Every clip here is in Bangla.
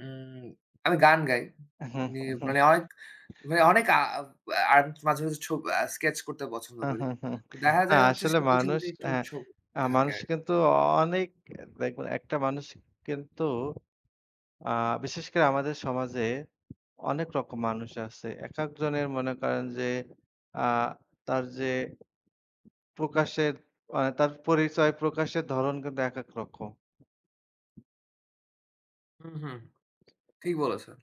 উম আমি গান গাই। উহু, ই হু, হু। মানে অনেক মানে অনেক আ আর মাঝে, মাঝে ছব আ স্কেচ করতে পছন্দ করি। তো দেখা আ যায় হচ্ছে আসলে সবকিছুর মানুষ মধ্যে একটু অ্যাঁ ঝোক অ্যাঁ থাকে মানুষ আর কিন্তু অ অনেক দেখবেন একটা মানুষ কিন্তু আ বিশেষ করে আমাদের সমাজে অনেক রকম মানুষ আছে। একেকজনের মনে করেন যে, আ তার যে প্রকাশের মানে তার পরিচয় প্রকাশের ধরণ কিন্তু একেক রকম। হুম, হুম, ঠিক বলেছেন।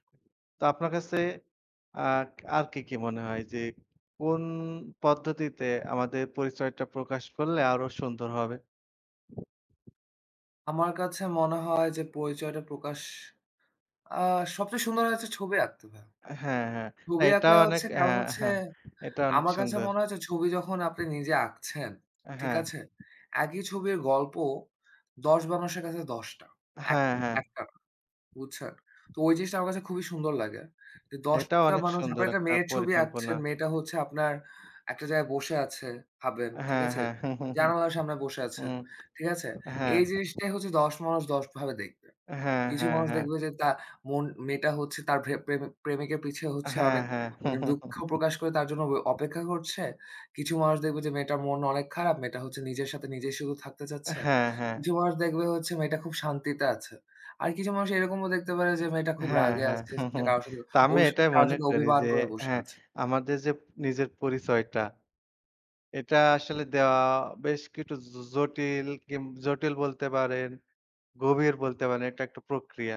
তো আপনার কাছে আ আর কি, কি মনে হয়? যে কোন পদ্ধতিতে আমাদের পরিচয়টা প্রকাশ করলে আরো সুন্দর হবে? আমার কাছে মনে হয় যে, পরিচয়টা প্রকাশ আ সবচেয়ে সুন্দর হয় হচ্ছে ছবি আঁকতে ভাইয়া। হ্যাঁ, হ্যাঁ। ছবি এটাও আঁকলে অনেক হচ্ছে কারণ হ্যাঁ, হচ্ছে হ্যাঁ, এটাও অনেক আমার কাছে সুন্দর। মনে হয় যে ছবি যখন আপনি নিজে আঁকছেন। আ ঠিক হ্যাঁ। আছে? একই ছবির গল্প ১০ মানুষের কাছে ১০ টা। এক হ্যাঁ, হ্যাঁ। ১ টা না, বুঝছেন? তো ওই জিনিসটা আমার কাছে খুবই সুন্দর লাগে। যে ১০ এটাও টা অনেক মানুষ সুন্দর আপনার একটা একটা মেয়ের ছবি পরিকল্পনা। আঁকছেন। মেয়েটা হচ্ছে আপনার একটা জায়গায় বসে আছে ভাবেন, ঠিক হ্যাঁ, আছে? হ্যাঁ, জানালার সামনে বসে আছে, হুম, ঠিক আছে? হ্যাঁ। এই জিনিসটাই হচ্ছে ১০ মানুষ ১০ ভাবে দেখবে। হ্যাঁ, কিছু হ্যাঁ, মানুষ হ্যাঁ। দেখবে যে তা মন মেয়েটা হচ্ছে তার প্রেম প্রেমিকের পিছে হচ্ছে হ্যাঁ, অনেক হ্যাঁ। অনেক দুঃখ প্রকাশ করে তার জন্য ব অপেক্ষা করছে। কিছু মানুষ দেখবে যে মেয়েটার মন অনেক খারাপ। মেয়েটা হচ্ছে নিজের সাথে নিজেই শুধু থাকতে চাচ্ছে। হ্যাঁ, হ্যাঁ। কিছু মানুষ দেখবে হচ্ছে মেয়েটা খুব শান্তিতে আছে। আর কিছু মানুষ এরকমও দেখতে পারে যে, মেয়েটা খুব হ্যাঁ, রাগে হ্যাঁ। আছে। সে কারো সাথে তো আমি অভিস এটাই কারো মনে সাথে করি অভিমান যে, করে বসে হ্যাঁ আছে। আমাদের যে নিজের পরিচয়টা। এটা আসলে দেওয়া বেশ কিছু জ জটিল কিম জটিল বলতে পারেন, গভীর বলতে পারেন। এটা একটা প্রক্রিয়া।